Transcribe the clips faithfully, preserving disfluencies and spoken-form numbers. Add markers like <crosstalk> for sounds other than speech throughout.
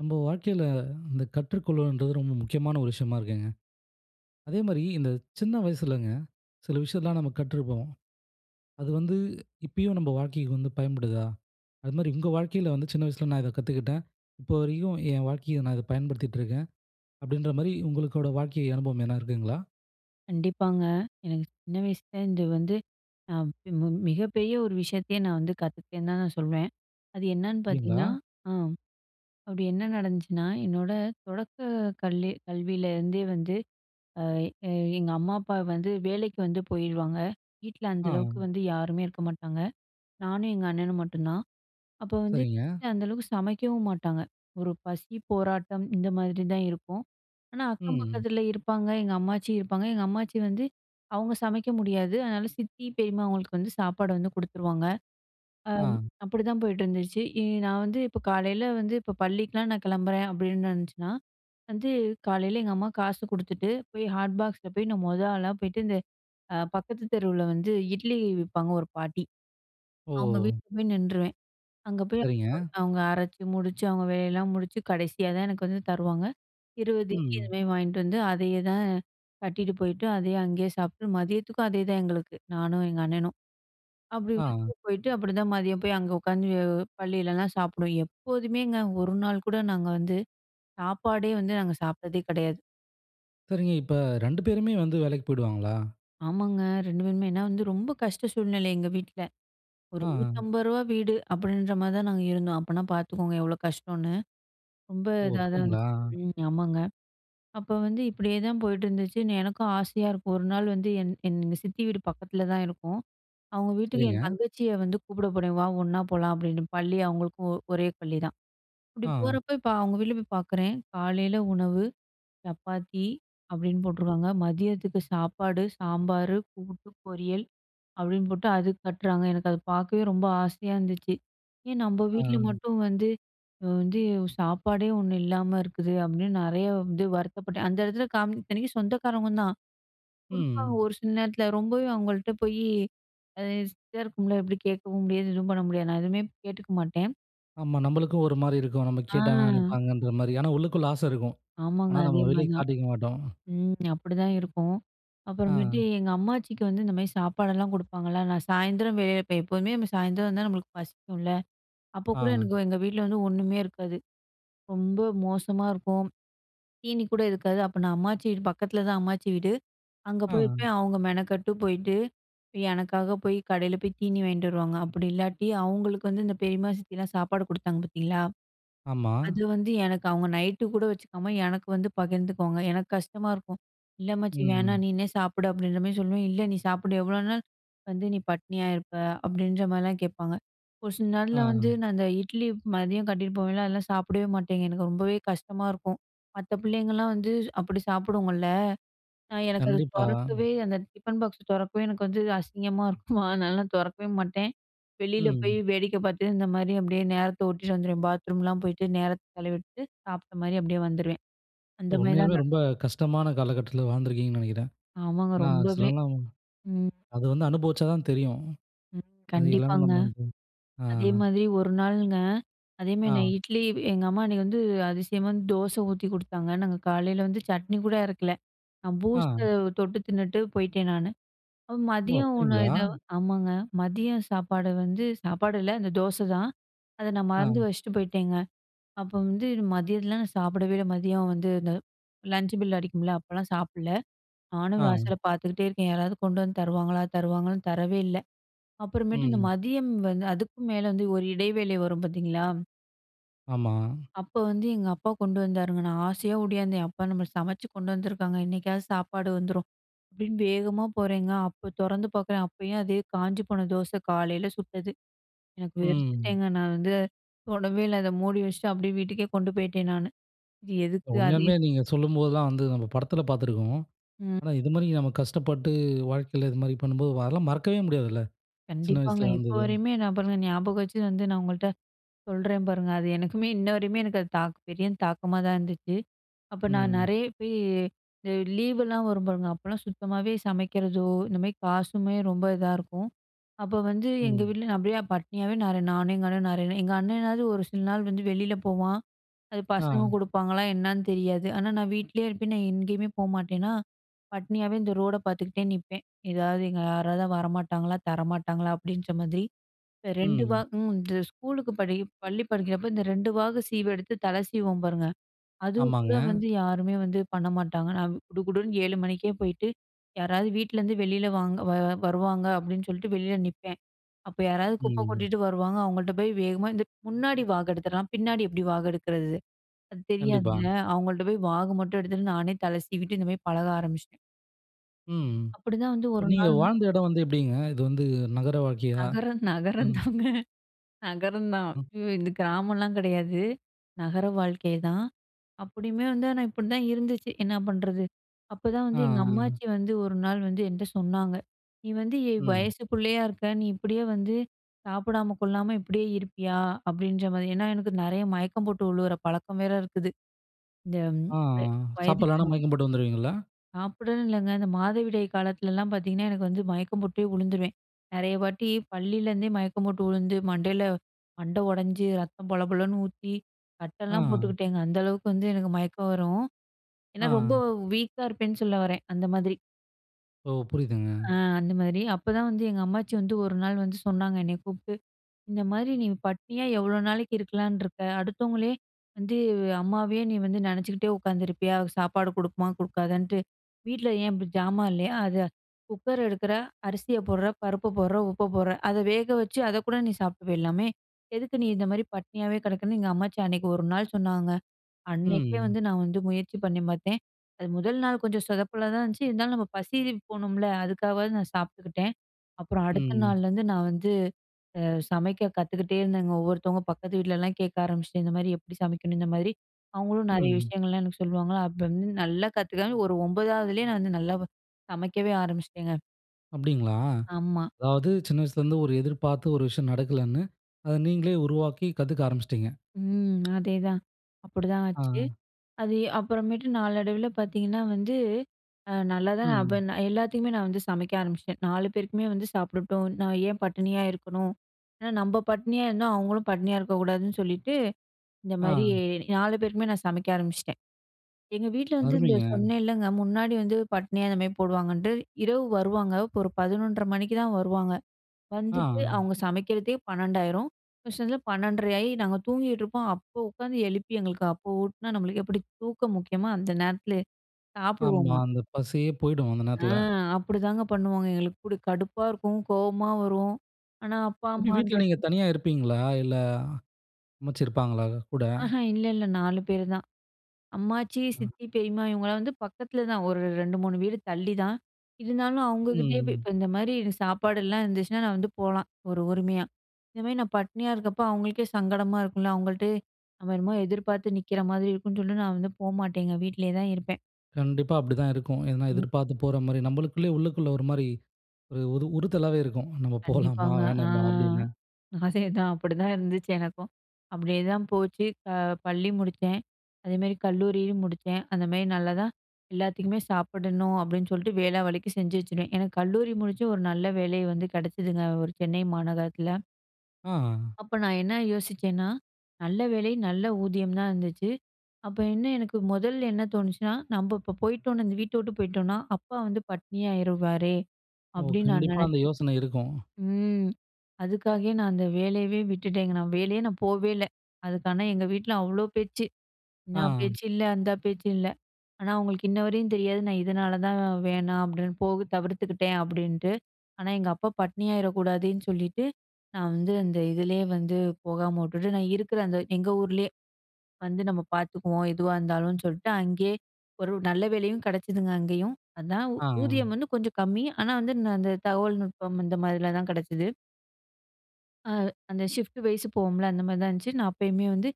நம்ப வாழ்க்கையில இந்த கற்றுக்கொள்ளல்ன்றது ரொம்ப முக்கியமான ஒரு விஷயமா இருக்குங்க. அதே மாரி இந்த சின்ன வயசுலங்க, சில விஷயத்தெல்லாம் நம்ப கற்றுப்போம். அது வந்து இப்பயும் நம்ப வாழ்க்கைக்கு வந்து பயன்படுதா? அது மாரி உங்க வாழ்க்கையில வந்து, "சின்ன வயசுல நான் இதை கத்துக்கிட்டேன். இப்போ வரைக்கும் என் வாழ்க்கையில நான் இத பயன்படுத்திகிட்டுருக்கேன்." அப்டின்ற, மாரி உங்களுக்கோட வாழ்க்கை அனுபவம் எதுன்னா இருக்குங்களா? கண்டிப்பாங்க. எனக்கு சின்ன வயசுலருந்து வந்து அ மி மு மிகப்பெரிய ஒரு விஷயத்தயே நான் வந்து கத்துக்கிட்டேன்னு தான் நான் சொல்வேன். அது என்னன்னு அப்டிங்களா? பாத்தீங்கணா, ஆம், அப்டி என்ன நடந்துச்சுனா, என்னோட தொடக்க கல்லி கல்வியில இருந்தே வந்து, அ எ எங்க அம்மா, அப்பா வந்து வேலைக்கு வந்து போயிருவாங்க. வீட்ல அந்த அளவுக்கு ஆ. வந்து யாருமே இருக்க மாட்டாங்க. நானும், எங்க அண்ணனும் மட்டும் தான். அப்போ வந்து சரிங்க. வீட்டுல அந்த அளவுக்கு சமைக்கவும் மாட்டாங்க. ஒரு பசி போராட்டம், இந்த மாதிரி தான் இருக்கும். ஆனா, அக்கம் ம். பக்கத்துல இருப்பாங்க. எங்க அம்மாச்சி இருப்பாங்க. எங்க அம்மாச்சி வந்து, அவங்க சமைக்க முடியாது. அதுனால சித்தி, பெரியம்மா அவங்களுக்கு வந்து சாப்பாடு வந்து குடுத்துருவாங்க. அ ஆ. அப்டிதான் போயிட்டுருந்துச்சு. இ நான் வந்து இப்ப காலையில வந்து இப்ப பள்ளிக்கலாம் நான் கிளம்புறேன், அப்டின்னு இருந்துச்சுனா, வந்து காலையில எங்க அம்மா காசு குடுத்துட்டு, போய் ஹாட் பாக்ஸில போய் நான் மொத ஆளா போய்ட்டு, இந்த அ பக்கத்து தெருவுல வந்து இட்லி விப்பாங்க ஒரு பாட்டி. அவங்க ஓ! வீட்டுல போய் நின்றுவேன். அங்க போய் சரிங்க. <unintelligible> அவங்க அரைச்சு முடிச்சு, அவங்க வேலையெல்லாம் முடிச்சு கடைசியா தான் எனக்கு வந்து தருவாங்க. இருவது இட்லி இது ம். மாரி வாயின்ட்டு வந்து அதையேதான் கட்டிகிட்டு போயிட்டு, அதையே அங்கேயே சாப்பிட்டு, மதியத்துக்கும் அதேதான் எங்களுக்கு, நானும், எங்க அண்ணனும். அப்டி ஆ. வந்து போயிட்டு அப்டிதான் மதியம் போய் அங்க உட்காந்து அ பள்ளிலலாம் சாப்பிடுவோம். எப்போதுமேங்க! ஒரு நாள் கூட நாங்க வந்து சாப்பாடே வந்து நாங்க சாப்பிட்டதே கிடையாது. சரிங்க. இப்ப ரெண்டு பேருமே வந்து வேலைக்கு போயிடுவாங்களா? ஆமாங்க. ரெண்டு பேருமே. ஏன்னா வந்து ரொம்ப கஷ்ட சூழ்நிலை எங்க வீட்ல. ஒரு ஆ. நூத்தம்பது ரூபா வீடு அப்படின்ற மாதிரி தான் நாங்க இருந்தோம். அப்பன்னா பார்த்துக்கோங்க எவ்ளோ கஷ்டோன்னு. ரொம்ப ஓ! இதா தான் அப்படிங்களா? இருந்துச்சு. ம். ஆமாங்க. அப்ப வந்து இப்படியேதான் போயிட்டுருந்துச்சுன்னு எனக்கும் ஆசையா இருக்கும் ஒரு நாள் வந்து என் என் சித்தி வீடு பக்கத்தில தான் இருக்கும். அவங்க வீட்டுக்கு என் சரிங்க. தங்கச்சிய வந்து கூப்பிட போனேன், "வா ஒண்ணா போலாம்." அப்படின்னு. பள்ளி அவங்களுக்கும் ஒரே பள்ளிதான், இப்படி ஆ. போறப்போ இப்ப அவங்க வீட்ல போய் பார்க்குறேன் காலையில உணவு சப்பாத்தி அப்படின்னு போட்டுருக்காங்க. மதியத்துக்கு சாப்பாடு, சாம்பாரு, கூட்டு, பொரியல் அப்படின்னு போட்டு அதுக்கு கட்றாங்க. எனக்கு அத பார்க்கவே ரொம்ப ஆசையா இருந்துச்சு. ஏன் நம்ம ஆ. வீட்ல மட்டும் வந்து அ வந்து சாப்பாடே ஒண்ணு இல்லாம இருக்குது அப்படின்னு நெறைய இது வந்து வருத்தப்பட்டேன். அந்த இடத்துல கா இத்தனைக்கும் சொந்தக்காரங்க தான். குடுப்பாங்க ம். ஒரு சில நேரத்தில ரொம்பவே அவங்கள்ட்ட போயி அ இதாக இருக்கும்ல எப்படி கேட்கவும் முடியாது எதுவும் பண்ண முடியாது. நான் எதுவுமே கேட்டுக்க மாட்டேன். ஆமா. நம்மளுக்கும் ஒரு மாரி இருக்கும். நம்ம ஆ. கேட்டா என்ன நினைப்பாங்கன்ற மாரி. ஆனா உள்ளுக்குள்ள ஆசை இருக்கும். ஆமாங்க. ஆனா அதே நம்ம வெளிய மாரிதான். காட்டிக்கமாட்டோம். ம். அப்படிதான் இருக்கும். அப்புறமேட்டு ஆ. எங்க அம்மாச்சிக்கு வந்து இந்த மாதிரி சாப்பாடெல்லாம் குடுப்பாங்கல்ல? நான் சாயந்தரம் வெப் போ எப்போவுமே சாயந்தரம் வந்து நம்மளுக்கு பசிக்கும்ல? அப்போ கூட எனக்கு ஆ. எங்க வீட்ல வந்து ஒண்ணுமே இருக்காது. ரொம்ப மோசமா இருக்கும். தீனி கூட இருக்காது. அப்ப நான் அம்மாச்சி வீடு பக்கத்தில தான் அம்மாச்சி வீடு, அங்க ஆ. போயிருப்பேன். அவங்க மெனக்கட்டு போயிட்டு, எனக்காக போய் கடையில போய் தீனி வாங்கிட்டு வருவாங்க. அப்படி இல்லாட்டி அவங்களுக்கு வந்து இந்த பெரியம்மா, சித்தியலாம் சாப்பாடு குடுத்தாங்க பார்த்தீங்களா? ஆமா. அது வந்து எனக்கு அவங்க நைட்‌டு கூட வச்சுக்காம, எனக்கு வந்து பகிர்ந்துக்குவாங்க, எனக்கு கஷ்டமா இருக்கும். இல்ல அம்மாச்சி ம். வேணாம் நீனே சாப்பிடு அப்படின்ற மாரி சொல்லுவேன். இல்ல, நீ சாப்பிடு எவ்ளோ நாள் வந்து நீ பட்டினியா இருப்ப? அப்படின்ற மாதிரிலாம் கேட்பாங்க. ஒரு சில நாள்ல வந்து ஆ. நான் அந்த இட்லி மதியம் கட்டிகிட்டு போவேன்ல அதெல்லாம் சாப்பிடவே மாட்டேங்க. எனக்கு ரொம்பவே கஷ்டமா இருக்கும். மத்த பிள்ளைங்கலாம் வந்து அப்படி சாப்புடுங்கல்ல? நான் எனக்கு அது கண்டிப்பா. தொறக்கவே அந்த டிஃபன் பாக்ஸை தொறக்கவே <chuckles> எனக்கு வந்து அசிங்கமா இருக்குமா, அதனால தொறக்கவே மாட்டேன். வெளியில போயி ம். வேடிக்கை பார்த்துட்டு இந்த மாதிரி, அப்படியே நேரத்த ஒட்டிட்டு வந்துருவேன். பாத்ரூம்லாம் போயிட்டு நேரத்த செலவிட்டு சாப்ட்ட மாரி அப்படியே வந்துருவேன். அந்த உ மாதிரி தான் உண்மையாலுமே ந ரொம்ப கஷ்டமான காலகட்டத்தில வாழ்ந்துருக்கீங்கன்னு நெனைக்கிறேன். ஆமாங்க. ஏன்னா ரொம்பவே சிலவங்லாம் ம். அது வந்து அனுபவிச்சா தான் தெரியும். அது எல்லாமே கண்டிப்பாங்க. நம்ம வந்து ஆ. அதே மாரி ஒரு நாளுங்க, அதேமாரி நான் ஆ. இட்லி எங்க அம்மா அன்னைக்கு வந்து அதிசயமா வந்து தோசை ஊத்தி குடுத்தாங்க. நாங்க காலையில வந்து சட்னி கூட அறைக்கல. நான் ஆ. பூஸ்ட்ட தொட்டு தின்னுட்டு போயிட்டேன், நானு. ஓ! மதியம் உணவு அப்படிங்களா! ஏதோ ஆமாங்க. மதியம் சாப்பாடு வந்து சாப்பாடு இல்ல, அந்த தோசை தான். அத நான் மறந்து ஆ. வச்சிட்டு போயிட்டேங்க. அப்போ வந்து மதியத்துல நான் சாப்பிடவே இல்ல, மதியம் வந்து இந்த லஞ்ச் பெல் அடிக்கும்ல, அப்போலாம் சாப்பிடல. நானும் ஆ. வாசலை பார்த்துக்கிட்டே இருக்கேன், யாராவது கொண்டு வந்து தருவாங்களா தருவாங்களான்னு. தரவே இல்ல! அப்புறமேட்டு இந்த ம். மதியம் வந்து, அதுக்கும் மேல வந்து ஒரு இடைவேளை வரும் பார்த்தீங்களா? ஆமா. அப்ப வந்து எங்க அப்பா கொண்டு வந்தாருங்க. நான் ஆசையா ஓடியாந்தேன். "அப்பா நம்மக்கு சமச்சு கொண்டு வந்துருக்காங்க, இன்னைக்காவது சாப்பாடு வந்துரும்." அப்டின்னு வேகமா போறேங்க. அப்ப தொறந்து பாக்குறேன். அப்பயும் அதே காஞ்சு போன தோச, காலைல சுட்டது. எனக்கு ம். வெறுத்துட்டேங்க, நான் வந்து தொடவே இல்ல. அதை மூடி வச்சிட்டு, அப்டியே வீட்டுக்கே கொண்டு போய்ட்டேன் நானு. இது எதுக்கு அதே உண்மையாலுமே நீங்க சொல்லும்போதுதான் வந்து நம்ம படத்தில பாத்துருக்கோம். ம். ஆனா இது மாரி நம்ம கஷ்டப்பட்டு, வாழ்க்கையில இது மாரி பண்ணும்போது, வ அதெல்லாம் மறக்கவே முடியாதுல்ல, சின்ன கண்டிப்பாங்க, வயசுல இப்ப நடந்தது. வரையுமே நான் பாருங்க, ஞாபகம் வச்சு வந்து, நான் உங்கள்ட்ட சொல்றேன் பாருங்க. அது எனக்குமே, இன்ன வரையுமே, எனக்கு அது தாக் பெரிய தாக்கமா தான் இருந்துச்சு. அப்ப நான் ம். நெறைய போயி இந்த லீவெல்லாம் வரும் பாருங்க, அப்பலாம் சுத்தமாவே சமைக்கிறதோ, இந்த மாரி காசுமே ரொம்ப இதா இருக்கும். அப்போ வந்து, எங்க ம். வீட்ல நான் அப்படியே பட்டினியாவே நெறைய நானும் எங்க அண்ணன் நெறைய நாள் எங்க அண்ணேனாவது, ஒரு சில நாள் வந்து வெளில போவான். அது பசங்க ஆ. குடுப்பாங்களா, என்னான்னு தெரியாது. ஆனா நான் வீட்லயே இருப்பேன். நான் எங்கயுமே போமாட்டேனா, பட்னியாவே இந்த ரோட பாத்துக்கிட்டே நிப்பேன். "எதாவது, எங்க யாராவது வரமாட்டாங்களா? தரமாட்டாங்களா?" அப்படின்ற மாதிரி. இப்போ ரெண்டு வா ம். ம் இந்த ஸ்கூலுக்கு படி பள்ளி படிக்கிறப்போ, இந்த ரெண்டு வாகு சீவு எடுத்து, தலை சீவுவோம் பாருங்க. அதுவும் கூட ஆமாங்க. வந்து, யாருமே வந்து பண்ண மாட்டாங்க. நான் குடுகுடுன்னு ஏழு மணிக்கே போயிட்டு, யாராவது வீட்லருந்து வெளில வாங்க வ வருவாங்க, அப்டின்னு சொல்லிட்டு, வெளியில நிப்பேன். அப்போ யாராவது குப்ப ம். கொட்டிட்டு வருவாங்க. அவுங்கள்ட்ட போய் வேகமா இந்த முன்னாடி வாகெடுத்துடலாம், பின்னாடி எப்படி வாகெடுக்கிறது? அது கண்டிப்பா. தெரியாதுல, அவுங்கள்ட்ட போய் வாகு மட்டும் எடுத்துட்டு, நானே தல சீவிட்டு, இந்த மாரி பழக ஆரம்பிச்சிட்டேன். ம். அப்படி தான் வந்து இப்ப ஒரு நீங்க நாள் வாழ்ந்த இடம் வந்து எப்படீங்க? இது வந்து நகர வாழ்க்கையா? நகரம் நகரம் ம். தாங்க! நகரம் தான். ம். இது கிராமம்லாம் கெடையாது. நகர வாழ்க்கைதான். அப்படியுமே வந்து, ஆனா இப்படி தான் இருந்துச்சு. என்னா பண்ணுறது? அப்பதான் ஆ, வந்து எங்க ஆ. அம்மாச்சி வந்து ஒரு நாள் வந்து என்ட்ட சொன்னாங்க, "நீ வந்து எ ம். வயசு பிள்ளையா இருக்க. நீ இப்படியே வந்து சாப்பிடாம, கொள்ளாம இப்படியே இருப்பியா? அப்படீன்ற மாதிரி. ஏன்னா, எனக்கு நெறைய மயக்கம் போட்டு வுழுவுற பழக்கம் வேற இருக்குது. இந்த ம் ஆ, ஆ. வ வயதுக்கு சாப்பிடலன்னா மு மயக்கம் போட்டு விழுந்துருவீங்களா? சாப்பிடணும்ன்னு இல்லைங்க. இந்த மாதவிடாய் காலத்துலலாம் பார்த்தீங்கன்னா, எனக்கு வந்து மயக்கம் போட்டே வுழுந்துருவேன். நெறைய வாட்டி பள்ளியிலேருந்தே மயக்கம் போட்டு உழுந்து, மண்டையில மண்ட ஒடைஞ்சு, ரத்தம் பொலபொலன்னு ஊத்தி, கட்டல்லாம் ஆ. போட்டுக்கிட்டேங்க. அந்த அளவுக்கு வந்து எனக்கு மயக்கம் வரும். ஏன்னா ரொம்ப ஆ. வீக்கா இருப்பேன்னு சொல்ல வரேன். அந்த மாதிரி. ஓ! புரியுதுங்க. அ அந்த மாதிரி. அப்பதான் வந்து எங்க அம்மாச்சி வந்து ஒரு நாள் வந்து சொன்னாங்க, என்னைய கூப்ட்டு. இந்த மாதிரி நீ பட்டினியா எவ்வளோ நாளைக்கு இருக்கலாம்ன்னு இருக்க? அடுத்தவங்களே வந்து அம்மாவையே நீ வந்து நெனைச்சுக்கிட்டே உட்காந்துருப்பியா? அது சாப்பாடு குடுக்குமா குடுக்காதான்ட்டு? வீட்ல ஏன் இப்படி ஜாமான் இல்லையா? அத குக்கர் எடுக்குற, அரிசிய போடுற, பருப்ப போடுற, உப்ப போடுற அத வேக வச்சு அதக்கூட நீ சாப்பிட்டு போயிரலாமே. எதுக்கு நீ இந்த மாரி பட்டினியாவே கெடக்குறன்னு, எங்க அம்மாச்சி அன்னைக்கு ஒரு நாள் சொன்னாங்க. அன்னைக்கே ம். வந்து நா வந்து முயற்சி பண்ணி பார்த்தேன். அது முதல் நாள் கொஞ்சம் சொதப்பலா தான் இருந்துச்சு. இருந்தாலும் நம்ம பசி <unintelligible> போகணும்ல்ல? அதுக்காகவாவது நான் சாப்பிட்டுக்கிட்டேன். அப்புறம் அடுத்த ம். நாள்லருந்து நா வந்து அ சமைக்க கத்துக்கிட்டே இருந்தேங்க. ஒவ்வொருத்தவங்க பக்கத்து வீட்லலாம் கேட்க ஆரம்பிச்சுட்டேன். "இந்த மாரி எப்படி சமைக்கணும்?" இந்த மாதிரி அவங்களும் நெறைய ம். விஷயங்கள்லாம் எனக்கு சொல்லுவாங்க. அப்பருந்து நல்லா கத்துக்கனேங்க, ஒரு ஒம்பதாவதுலேயே நா வந்து நல்லா வ சமைக்கவே ஆரம்பிச்சிட்டேங்க. அப்டீங்களா! ஆமா. அதாவது சின்ன வயசுலருந்து, ஒரு எதிர்பார்த்து, ஒரு விஷயம் நடக்கலன்னு, அதை நீங்களே உருவாக்கி, கத்துக்க ஆரம்பிச்சுட்டீங்க. ம். அதேதான். அப்பிடிதான் ஆச்சு. ஆ. அது அப்புறமேட்டு நாளடைவுல பாத்தீங்கன்னா வந்து, அ நல்லா தான் அப்ப ம். நான் எல்லாத்துக்குமே நான் வந்து சமைக்க ஆரம்பிச்சிட்டேன். நாலு பேருக்குமே வந்து சாப்பிடட்டும், "நான் ஏன் பட்டினியா இருக்கணும்?" ஏன்னா, நம்ப பட்டினியா இருந்தா, அவுங்களும் பட்டினியா இருக்கக்கூடாதுன்னு சொல்லிட்டு, இந்த மாரி, ஆ. நாலு பேருக்குமே நான் சமைக்க ஆரம்பிச்சுட்டேன். எங்க வீட்ல வந்து, இந்த அருமைங்க! சொன்னேன்லங்க, முன்னாடி வந்து, பட்னி அந்த மாரி போடுவாங்கன்ட்டு. இரவு வருவாங்க. இரவு ஒரு பதினொன்றரை மணிக்கு தான் வருவாங்க. வந்துட்டு, ஆ. அவுங்க சமைக்கிறதே பன்னெண்டாயிரும் ஒரு சில நேரத்துல பன்னெண்டரை ஆயி நாங்க தூங்கிட்டு இருப்போம். அப்போ உக்காந்து எழுப்பி எங்களுக்கு அப்போ ஊட்டுனா, நம்மளுக்கு எப்படி? தூக்கம் முக்கியமா? அந்த நேரத்துல ஆமா, சாப்பிடுவோமா? அந்த பசியே போயிடும், அந்த அ நேரத்துல. அப்படி தாங்க பண்ணுவாங்க. எங்களுக்கு கூட கடுப்பா இருக்கும், கோவமா வரும். ஆனா அப்பா எப்பிடி அம்மான்ற வீட்ல நீங்க தனியா இருப்பீங்களா? இல்ல, அம்மாச்சி இருப்பாங்களா, கூட? ஆஹ்ம் இல்ல, இல்ல. நாலு பேரு தான். அம்மாச்சி, ம். சித்தி, பெரியம்மா இவுங்கலாம் வந்து, பக்கத்துல தான். ஒரு ரெண்டு, மூணு வீடு தள்ளி தான். இருந்தாலும், அவுங்க கிட்டேயே போய் ம். இப்போ இந்த மாரி சாப்பாடுலாம் இருந்துச்சுனா, நான் வந்து போலாம், ஒரு உரிமையா. இந்தமாரி, நான் பட்டினியா இருக்கப்போ, அவுங்களுக்கே சங்கடமா இருக்கும்ல! அவுங்கள்ட்ட நம்ம என்னமோ எதிர்பாத்து நிக்கிற மாதிரி இருக்குன்னு சொல்லிட்டு, நான் வந்து போமாட்டேங்க, வீட்லயே தான் இருப்பேன். கண்டிப்பா அப்டித்தான் இருக்கும். ஏனா ம். எதிர்பார்த்து போற மாரி. நம்பளுக்குள்ளயே, உள்ளுக்குள்ள ஒரு மாரி ஒரு ஒரு உறுத்தலாவே இருக்கும். நம்ம போலாமா, கண்டிப்பாங்க. அ. வேணாமா அப்படின்னு. அதேதான், <chuckles> அப்படிதான் இருந்துச்சு எனக்கும். அப்படியேதான் போச்சு. க பள்ளி முடிச்சேன். அதேமாரி கல்லூரியும் முடிச்சேன். அந்த மாரி நல்லாதான். எல்லாத்துக்குமே சாப்பிடணும் அப்படின்னு சொல்ட்டு, வேளா வேளைக்கு செஞ்சு வச்சுருவேன். எனக்கு கல்லூரி முடிச்சு ஒரு நல்ல வேலை வந்து கெடச்சுதுங்க. ஒரு சென்னை மாநகரத்துல. ஆங். அப்ப நான் என்ன யோசிச்சேன்னா. நல்ல வேலை, நல்ல ஊதியம் தான் இருந்துச்சு. அப்ப இன்னும் எனக்கு மொதல என்ன தோணுச்சுனா, நம்ப இப்போ போய்ட்டோம்னா, இந்த வீட்ட விட்டு போய்ட்டோம்னா, அப்பா வந்து பட்டினியாயிருவாரே, ஒ! அப்படின்னு நான் கண்டிப்பா அந்த நெனைச்சேன். யோசன இருக்கும். ம். அதுக்காகவே நான் அந்த வேலையவே விட்டுட்டேங்க. நான் வேலையே நான் போவே இல்ல. அதுக்கு ஆனா எங்க வீட்டுல அவ்ளோ பேச்சு. என்னா ஆங். பேச்சு இல்ல. அந்த பேச்சு இல்ல. ஆனா அவங்களுக்கு இன்னவரையும் தெரியாது. நான் இதனால தான், வேணாம் அப்படின்னு போக தவிர்த்துக்கிட்டேன் அப்படின்ட்டு. ஆனா எங்க அப்பா பட்டினியாயிர கூடாதுன்னு சொல்லிட்டு நான் வந்து அந்த இதுலயே வந்து போகாமவுட்டுட்டு, நான் இருக்கிற அந்த எங்க ஊர்லயே வந்து நம்ம பார்த்துக்குவோம், எதுவா இருந்தாலும் சொல்ட்டு. அங்கயே, ஒரு நல்ல வேலையும் கிடைச்சுதுங்க அங்கயும். அதான் ஆங். ஊதியம் வந்து கொஞ்சம் கம்மி, ஆனா வந்து ந அந்த தகவல் நுட்பம் இந்த மாரிலதான் கெடைச்சிது. அ அந்த ஷிஃப்ட் வைஸ் போவோம்ல? அந்த மாரிதான் இருந்துச்சு. நான் அப்பயுமே வந்து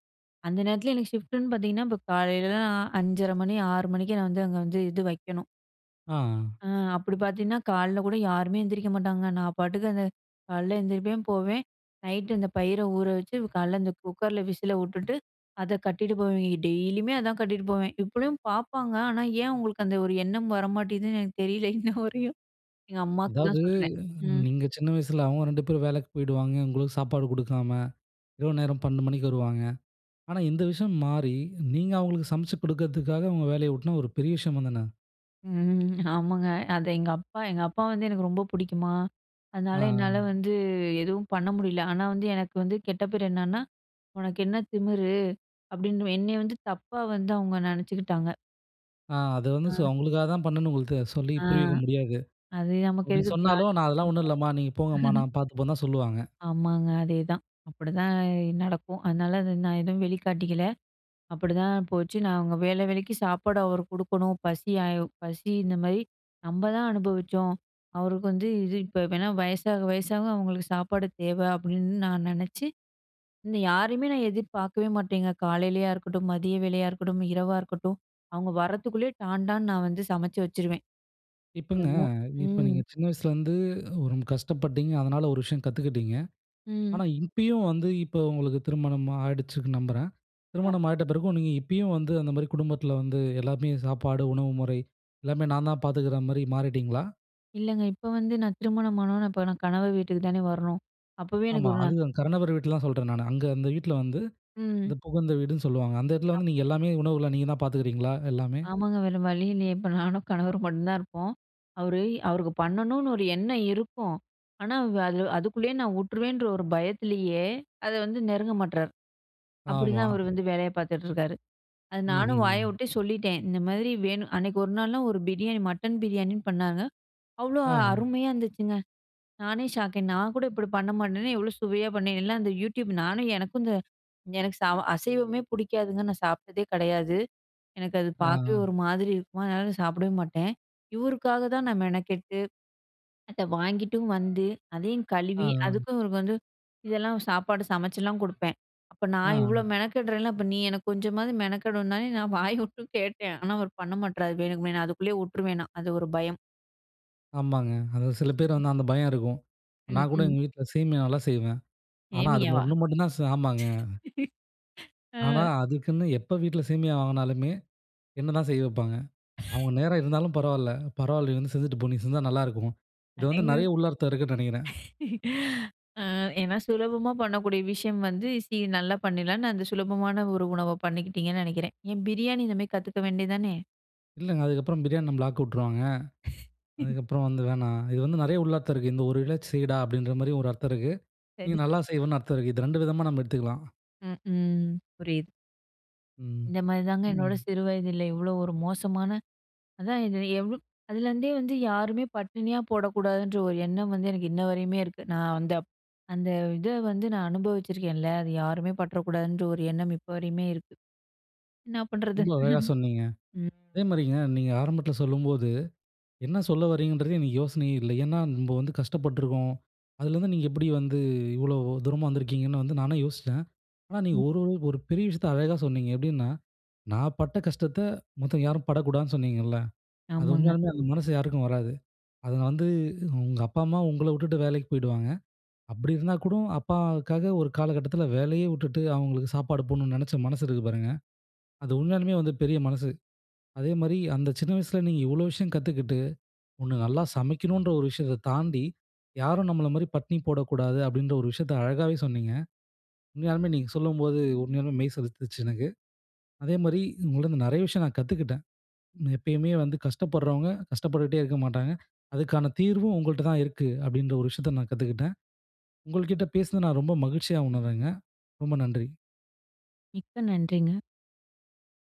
அந்த நேரத்துல எனக்கு ஷிஃப்டுன்னு பார்த்தீங்கன்னா, இப்ப காலையிலலாம் அஞ்சரை மணி, ஆறு மணிக்கு நான் வந்து அங்க வந்து இது வைக்கணும். ஆ. அ அப்டி பார்த்தீங்கன்னா, கால்ல கூட யாருமே எந்திரிக்க மாட்டாங்க. நான் பாட்டுக்கு அந்த கால்ல எந்திரிப்பேன், போவேன். நைட்‌டு அந்த பயிர ஊற வச்சு, கால்ல அந்த குக்கர்ல விசில வுட்டுட்டு, அத கட்டிட்டு போவேன். டெய்லியுமே அதான் கட்டிட்டு போவேன். இப்பயும் பார்ப்பாங்க, ஆனா, ஏன் அவங்களுக்கு அந்த ஒரு எண்ணம் வரமாட்டேங்குதுன்னு எனக்கு தெரியல <chuckles> இன்னவரையும். எங்க அம்மாக்கு தான் அதாவது சொல்றேன். ம். நீங்க சின்ன வயசில அவங்க ரெண்டு பேரும் வேலைக்கு போய்டுவாங்க. உங்களுக்கு சாப்பாடு குடுக்காம. இரவு நேரம் பன்னெண்டு மணிக்கு வருவாங்க. ஆனா, இந்த விஷயம் மாறி, நீங்க அவங்களுக்கு சமைச்சு குடுக்கறதுக்காக உங்க வேலையை உட்ன்னா ஒரு பெரிய விஷயம் தானே. ம். ஆமாங்க. அத எங்க அப்பா எங்க அப்பா வந்து எனக்கு ரொம்ப புடிக்குமா, ஆ அதனால என்னால அ. வந்து எதுவும் பண்ண முடியல. ஆனா வந்து, எனக்கு வந்து கெட்ட பேர் என்னன்னா? "உனக்கு என்ன திமிரு?" அப்டின்னு என்னைய வந்து தப்பா வந்து அவங்க நெனைச்சுக்கிட்டாங்க. ஆ. அத வந்து அ. சொ உங்களுக்காக தான் பண்ணுன்னு அவங்களுக்கு சொல்லி ஆ. புரிய வைக்க முடியாது. அது நமக்கு அப்டி எதுக்கு சொன்னாலும் நான் அதெல்லாம் ஒண்ணும் தியாகிப்பட்டம்லாம். இல்லம்மா, நீங்க போங்கம்மா <chuckles> நான் பார்த்துப்பன்னு தான் சொல்லுவாங்க. ஆமாங்க அதேதான். அப்டிதான் நடக்கும். அதனால நான் எதுவும் வெளிக்காட்டிக்கில. அப்படிதான் போச்சு. நான் அவங்க வேள வேளைக்கு சாப்பாடு அவரு குடுக்கணும். பசியா பசி இந்தமாரி நம்ப தான் அனுபவிச்சோம். அவருக்கு வந்து இது இப்ப வேணா. வயசாக வயசாக அவங்களுக்கு சாப்பாடு தேவ அப்டின்னு நான் நெனச்சு, இந்த யாரையுமே நான் எதிர்பார்க்கவே மாட்டேங்க. காலையிலேயா இருக்கட்டும், மதிய வேளையா இருக்கட்டும், இரவா இருக்கட்டும், அவங்க வரத்துக்குள்ளே டான் டான்னு நான் வந்து சமைச்சு வச்சுருவேன். இப்பங்க, <unintelligible> இப்ப நீங்க ம். சின்ன வயசுலேருந்து ரொம்ப கஷ்டப்பட்டீங்க. அதனால ஒரு விஷயம் கத்துக்கிட்டீங்க. ம். ஆனா, இப்பயும் வந்து இப்ப உங்களுக்கு திருமணம் ஆயிடுச்சுன்னு நம்புறேன். திருமணம் ஆமா. ஆயிட்ட பிறகும், நீங்க இப்பயும் வந்து அந்த மாரி குடும்பத்தில வந்து எல்லாமே சாப்பாடு, உணவு முறை எல்லாமே நான் தான் பார்த்துக்கிற மாரி மாறிட்டீங்களா? இல்லங்க, இப்ப வந்து நான் திருமணம் ஆனவொனே இப்ப நான் கணவர் வீட்டுக்கு தானே வரணும். அப்பவே எனக்கு ஆமா. ஒரு நா அது தான். கணவர் வீட்லதான் சொல்றேன் நானு. அங்க அந்த வீட்ல வந்து, ம். இந்த புகுந்த வீடுன்னு சொல்லுவாங்க. அந்த எடத்தில வந்து ஆமா. நீங்க எல்லாமே உணவுகள நீங்க தான் பாத்துக்குறீங்களா, எல்லாமே? ஆமாங்க, வேற வழி இல்லையே, இப்ப நானும் கணவரும் மட்டும் தான் இருப்போம். அவரு அவருக்கு பண்ணணும்னு ஒரு எண்ணம் இருக்கும். ஆனா வ அதுல அதுக்குள்ளேயே நான் வுட்டுருவேன்ற ஒரு பயத்திலேயே, அத வந்து நெருங்க மாட்றாரு. ஆமா. அப்பிடிதான் அவரு வந்து வேலைய பார்த்துட்டு இருக்காரு. அது நானும் வாய ம்ஹ்ம். விட்டே சொல்லிட்டேன். இந்த மாரி வேணும் அன்னைக்கு ஒரு நாள்லாம் ஒரு பிரியாணி மட்டன் பிரியாணின்னு பண்ணாங்க. அவ்ளோ ஆங். அருமையா இருந்துச்சுங்க! நானே ஷாக். நான் கூட இப்டி பண்ண மாட்டேனே! எவ்ளோ சுவையா பண்ணி. எல்லாம் அந்த யூடியூப். நானும் எனக்கும் இந்த, எனக்கு சாவ அசைவமே பிடிக்காதுங்க. நான் சாப்பிட்டதே கெடையாது. எனக்கு அத ஆ, பார்க்கவே ஆங். ஒரு மாதிரி இருக்குமா, அதனால நான் சாப்பிடவே மாட்டேன். இவருக்காக தான் நான் மெனக்கெட்டு, அத வாங்கிட்டும் வந்து அதையும் ஆ, கழுவி, ஆங். அதுக்கும் இவரு வந்து, இதெல்லாம் சாப்பாடு சமைச்சுலாம் குடுப்பேன். அப்ப நான் ஆம். இவ்ளோ மெனக்கெடுறேன்ல? அப்ப நீ எனக்கு கொஞ்சமாவது மெனக்கெடனுந்தானேன்னு நான் வாய விட்டும் கேட்டேன். ஆனா, அவரு பண்ண மாட்றாரு, வேணுக்குமே. நான் அதுக்குள்ளேயே விட்டுருவேனாம், அது ஒரு பயம். ஆமாங்க. அது சில பேரு <laughs> வந்து அந்த பயம் இருக்கும். ம், நான் கூட ம். எங்க வீட்ல சேமியா நல்லா செய்வேன். ஆனா அது சேமியாவா? ஒண்ணு மட்டும் தான் ச ஆமாங்க. <laughs> அ. ஆனா அதுக்குன்னு எப்போ வீட்ல சேமியா வாங்குனாலுமே, என்ன தான் செய்ய வைப்பாங்க. <laughs> அவங்க நேரம் இருந்தாலும் பரவாயில்ல, "பரவாயில்ல நீ வந்து செஞ்சுட்டு போ. நீ செஞ்சா நல்லாயிருக்கும்." இது வந்து நெறைய அடேங்கப் உள்ளர்த்தம் இருக்குன்னு நெனைக்கிறேன். <laughs> அ ஏன்னா சுலபமா பண்ணக்கூடிய விஷயம் வந்து, சி நல்லா பண்ணிடலாம்னு அந்த சுலபமான ஒரு உணவ பண்ணிக்கிட்டிங்கன்னு நெனைக்கிறேன். ஏன் பிரியாணி இந்த மாதிரி கத்துக்க வேண்டியது தானே! இல்லங்க, அதுக்கப்புறம் பிரியாணி நம்பள ஆக்க விட்டுருவாங்க. <laughs> அதுக்கப்புறம், வந்து வேணாம் இது வந்து நெறைய உளார்த்தம் இருக்கு. இந்த ஒரு இழ செய்யடா அப்படின்ற மாதிரி ஒரு அர்த்தம் இருக்கு. நீ சரி, நல்லா சரி. செய்வேன்னு அர்த்தம் இருக்கு. இது ரெண்டு விதமா நம்ப எடுத்துக்கலாம். ம், ம், புரியுது. ம், இந்த மாதிரி தாங்க என்னோட ம். சிறு வயதுல இவ்வளவு ஒரு மோசமான அதான். இது எவ்ளோ, அதுலேருந்தே வந்து யாருமே பட்டினியா போடக்கூடாதுன்ற ஒரு எண்ணம் வந்து எனக்கு, இன்ன வரையுமே இருக்கு. நா வந்து அந்த இத வந்து அனுபவிச்சிருக்கேன் இல்லையா? அத யாருமே பட்டுட கூடாதுன்ற ஒரு எண்ணம் இப்ப வரையுமே இருக்கு. என்ன பண்ணுறது? ரொம்ப அழகா சொன்னீங்க. <chuckles> ம். அதேமாதிரிங்க, நீங்க ஆரம்பத்துல சொல்லும்போது என்ன சொல்ல வரீங்கன்றதே எனக்கு யோசனையே இல்ல. ஏன்னா, நம்ப வந்து கஷ்டப்பட்டுருக்கோம். அதுலேருந்து நீங்க எப்படி வந்து இவ்வளவு தூரமா வந்திருக்கீங்கன்னு வந்து நானும் யோசிச்சேன். ஆனா, நீங்க ம். ஒரு ஒரு ஒரு பெரிய விஷயத்த அழகா சொன்னீங்க. எப்படின்னா, நான் பட்ட கஷ்டத்த மத்தவங்க யாரும் படக்கூடாதுன்னு சொன்னீங்கல்ல. அது ஆமாங்க. உண்மையாலுமே அந்த மனசு யாருக்கும் வராது. அதுங்க வந்து உங்க அப்பா, அம்மா உங்கள விட்டுட்டு வேலைக்கு போயிடுவாங்க. அப்படி இருந்தா கூட அப்பாவுக்காக ஒரு காலகட்டத்துல வேலையே விட்டுட்டு அவங்களுக்கு சாப்பாடு போடணும்னு நினைச்ச மனசு இருக்கு பாருங்க. அது உண்மையாலுமே வந்து பெரிய மனசு. அதேமாதிரி, அந்த சின்ன வயசுல நீங்க இவ்வளவு விஷயம் கத்துக்கிட்டு ஒண்ணு நல்லா சமைக்கணுன்ற ஒரு விஷயத்த தாண்டி யாரும் நம்பள மாதிரி பட்னி போடக்கூடாது. அப்படின்ற ஒரு விஷயத்த அழகாகவே சொன்னீங்க. உண்மையாலுமே நீங்க சொல்லும்போது, உண்மையாலுமே மெய் சிலுத்துச்சு எனக்கு. அதேமாதிரி உங்கள்கிட்டேந்து நெறைய விஷயம் நான் கத்துக்கிட்டேன். எப்பயுமே வந்து கஷ்டப்படுறவங்க கஷ்டப்பட்டுட்டுகிட்டே இருக்க மாட்டாங்க. அதுக்கான தீர்வும் உங்கள்கிட்ட தான் இருக்கு. அப்படின்ற ஒரு விஷயத்த நான் கத்துக்கிட்டேன். உங்கள்கிட்ட பேசினது, நான் ரொம்ப மகிழ்ச்சியா உணர்றேங்க. ரொம்ப நன்றி. மிக்க நன்றிங்க.